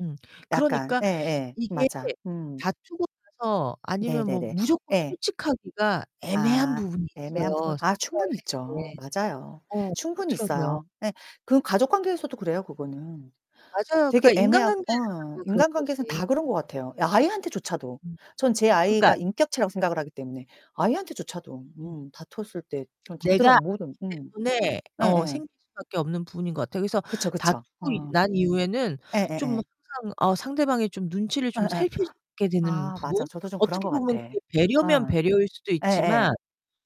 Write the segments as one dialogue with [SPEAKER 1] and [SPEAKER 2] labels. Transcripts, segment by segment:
[SPEAKER 1] 음,
[SPEAKER 2] 약간.
[SPEAKER 1] 그러니까
[SPEAKER 2] 예예
[SPEAKER 1] 이게
[SPEAKER 2] 맞아. 음.
[SPEAKER 1] 다투고 나서 아니면 뭐
[SPEAKER 2] 네네네.
[SPEAKER 1] 무조건
[SPEAKER 2] 예.
[SPEAKER 1] 솔직하기가 애매한
[SPEAKER 2] 아
[SPEAKER 1] 부분이
[SPEAKER 2] 애매한
[SPEAKER 1] 있어요. [unintelligible]
[SPEAKER 2] 부분
[SPEAKER 1] 할
[SPEAKER 2] 아 충분히
[SPEAKER 1] 때.
[SPEAKER 2] 있죠. 맞아요.
[SPEAKER 1] 어,
[SPEAKER 2] 충분히
[SPEAKER 1] 그렇더라고요.
[SPEAKER 2] 있어요. 네 그건 가족관계에서도 그래요 그거는.
[SPEAKER 1] 맞아요. 그러니까
[SPEAKER 2] 되게 애매하고
[SPEAKER 1] 인간관계에서도
[SPEAKER 2] 어
[SPEAKER 1] 뭐 그런
[SPEAKER 2] 인간관계에선
[SPEAKER 1] 거지.
[SPEAKER 2] 다 그런 것 같아요. 아이한테 조차도.
[SPEAKER 1] 음
[SPEAKER 2] 전 제
[SPEAKER 1] 그러니까
[SPEAKER 2] 아이가 인격체라고 생각을 하기 때문에 아이한테조차도
[SPEAKER 1] 음.
[SPEAKER 2] 음 다퉜을 때 전 다들 어
[SPEAKER 1] 내가
[SPEAKER 2] 모든
[SPEAKER 1] 알기
[SPEAKER 2] 음.
[SPEAKER 1] 때문에 어
[SPEAKER 2] 예예.
[SPEAKER 1] 생길 수밖에 없는 부분인 것 같아요. 그래서
[SPEAKER 2] 그쵸, 그쵸.
[SPEAKER 1] 다투고
[SPEAKER 2] 어.
[SPEAKER 1] 난 이후에는 좀
[SPEAKER 2] 예예예.
[SPEAKER 1] 항상 어 상대방의 좀 눈치를 좀
[SPEAKER 2] 예예.
[SPEAKER 1] 살피게 되는
[SPEAKER 2] 아 맞아
[SPEAKER 1] 부분,
[SPEAKER 2] 저도 좀 그런
[SPEAKER 1] 어떻게
[SPEAKER 2] 것 같아.
[SPEAKER 1] 보면 그게 배려면
[SPEAKER 2] 어.
[SPEAKER 1] 배려일 수도
[SPEAKER 2] 예예.
[SPEAKER 1] 있지만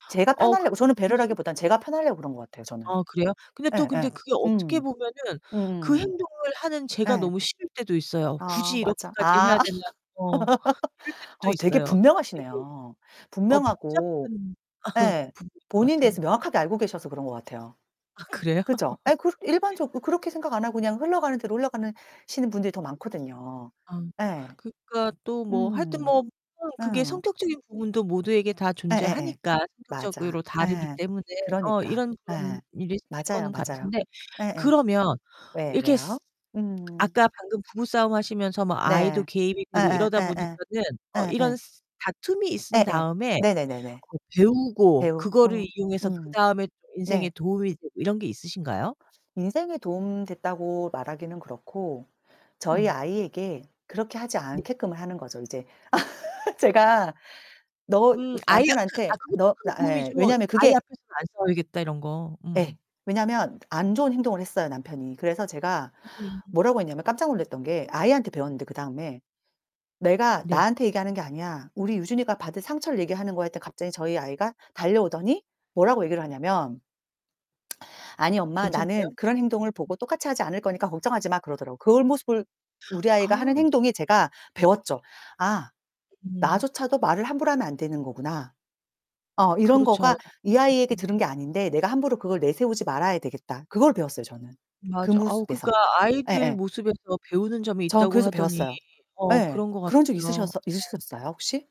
[SPEAKER 2] 제가
[SPEAKER 1] 어 그런
[SPEAKER 2] 편하려고,
[SPEAKER 1] 게
[SPEAKER 2] 저는
[SPEAKER 1] 좀 [unintelligible]
[SPEAKER 2] 배려라기보다는 제가 편하려고 그런 것 같아요, 저는.
[SPEAKER 1] 아 그래요? 근데 또 근데
[SPEAKER 2] 예예.
[SPEAKER 1] 그게 어떻게
[SPEAKER 2] 음.
[SPEAKER 1] 보면은 그
[SPEAKER 2] 음음.
[SPEAKER 1] 행동을 하는 제가
[SPEAKER 2] 예.
[SPEAKER 1] 너무 싫을 때도 있어요.
[SPEAKER 2] 아
[SPEAKER 1] '굳이
[SPEAKER 2] 맞아.
[SPEAKER 1] 이렇게까지
[SPEAKER 2] 아.
[SPEAKER 1] 해야 되나?' 어 이럴 때도 또
[SPEAKER 2] 어 되게
[SPEAKER 1] 있어요. 되게
[SPEAKER 2] 분명하시네요.
[SPEAKER 1] 어
[SPEAKER 2] 분명하고
[SPEAKER 1] 복잡한
[SPEAKER 2] 예
[SPEAKER 1] 부분인 것
[SPEAKER 2] 본인에
[SPEAKER 1] 같아요.
[SPEAKER 2] 대해서 명확하게 알고 계셔서 그런 것 같아요.
[SPEAKER 1] 아 그래요?
[SPEAKER 2] 그죠? 예 그 일반적으로 그렇게 생각 안 하고 그냥 흘러가는 대로 흘러가는 시는 분들이 더 많거든요.
[SPEAKER 1] 아,
[SPEAKER 2] 예.
[SPEAKER 1] 그러니까 또 뭐 하여튼
[SPEAKER 2] 음.
[SPEAKER 1] 뭐 [unintelligible] 그게
[SPEAKER 2] 어.
[SPEAKER 1] 성격적인 부분도 모두에게 다
[SPEAKER 2] 예예예.
[SPEAKER 1] 존재하니까
[SPEAKER 2] 맞아.
[SPEAKER 1] 성격적으로 다르기
[SPEAKER 2] 예.
[SPEAKER 1] 때문에 어
[SPEAKER 2] 그러니까.
[SPEAKER 1] 이런, 이런
[SPEAKER 2] 예.
[SPEAKER 1] 일이 생길
[SPEAKER 2] 맞아요,
[SPEAKER 1] 거는
[SPEAKER 2] 맞아요.
[SPEAKER 1] 같은데
[SPEAKER 2] 예예.
[SPEAKER 1] 그러면
[SPEAKER 2] 왜,
[SPEAKER 1] 이렇게
[SPEAKER 2] 왜요?
[SPEAKER 1] 쓰
[SPEAKER 2] 음.
[SPEAKER 1] 아까 방금 부부싸움 하시면서 뭐 아이도
[SPEAKER 2] 네.
[SPEAKER 1] 개입이 되고
[SPEAKER 2] 예예
[SPEAKER 1] 이러다
[SPEAKER 2] 예예.
[SPEAKER 1] 보니까는 어 이런
[SPEAKER 2] 예예.
[SPEAKER 1] 쓰 다툼이 있은
[SPEAKER 2] 예예.
[SPEAKER 1] 다음에
[SPEAKER 2] 네네네네.
[SPEAKER 1] 그거 배우고
[SPEAKER 2] 배우 어
[SPEAKER 1] 그거를 이용해서
[SPEAKER 2] 음.
[SPEAKER 1] 그다음에 또 인생에
[SPEAKER 2] 네.
[SPEAKER 1] 도움이 되고 이런 게 있으신가요?
[SPEAKER 2] 인생에 도움 됐다고 말하기는 그렇고 저희
[SPEAKER 1] 음.
[SPEAKER 2] 아이에게 그렇게 하지
[SPEAKER 1] 네.
[SPEAKER 2] 않게끔 하는 거죠 이제. 제가 "너"
[SPEAKER 1] 음,
[SPEAKER 2] 그래서
[SPEAKER 1] 아이 그
[SPEAKER 2] 남편한테
[SPEAKER 1] 아 그것도
[SPEAKER 2] "너
[SPEAKER 1] 큰
[SPEAKER 2] 나" 예
[SPEAKER 1] 도움이지 뭐.
[SPEAKER 2] 왜냐면
[SPEAKER 1] '아이
[SPEAKER 2] 그게
[SPEAKER 1] 앞에서는 안 싸워야겠다.' 이런 거.
[SPEAKER 2] 예.
[SPEAKER 1] 음.
[SPEAKER 2] 왜냐면 안 좋은 행동을 했어요 남편이. 그래서 제가
[SPEAKER 1] 음.
[SPEAKER 2] 뭐라고 했냐면 깜짝 놀랐던 게 아이한테 배웠는데 그다음에. "내가
[SPEAKER 1] 네.
[SPEAKER 2] 나한테 얘기하는 게 아니야. 우리 유진이가 받은 상처를 얘기하는 거야." 했더니 갑자기 저희 아이가 달려오더니 뭐라고 얘기를 하냐면 "아니 엄마
[SPEAKER 1] 괜찮대요?
[SPEAKER 2] 나는 그런 행동을
[SPEAKER 1] 음.
[SPEAKER 2] 보고 똑같이 하지 않을 거니까 걱정하지마." 그러더라고요. 그런 모습을 우리 아이가 하는
[SPEAKER 1] 아우.
[SPEAKER 2] 행동이 제가 배웠죠. '아
[SPEAKER 1] 음.
[SPEAKER 2] 나조차도 말을 함부로 하면 안 되는 거구나.' 어 이런
[SPEAKER 1] 그렇죠.
[SPEAKER 2] 거가 '이 아이에게
[SPEAKER 1] 음.
[SPEAKER 2] 들은 게 아닌데 내가 함부로 그걸 내세우지 말아야 되겠다.' 그걸 배웠어요 저는. 그
[SPEAKER 1] 맞아. 아우
[SPEAKER 2] 모습에서.
[SPEAKER 1] 그러니까 아이들
[SPEAKER 2] 예예.
[SPEAKER 1] 모습에서 배우는 점이
[SPEAKER 2] 전
[SPEAKER 1] 있다고
[SPEAKER 2] 그래서
[SPEAKER 1] 하더니
[SPEAKER 2] 배웠어요.
[SPEAKER 1] 어
[SPEAKER 2] 예.
[SPEAKER 1] 그런 것
[SPEAKER 2] 그런 적 있으셨
[SPEAKER 1] 같아요. 어.
[SPEAKER 2] 있으셨어요 혹시?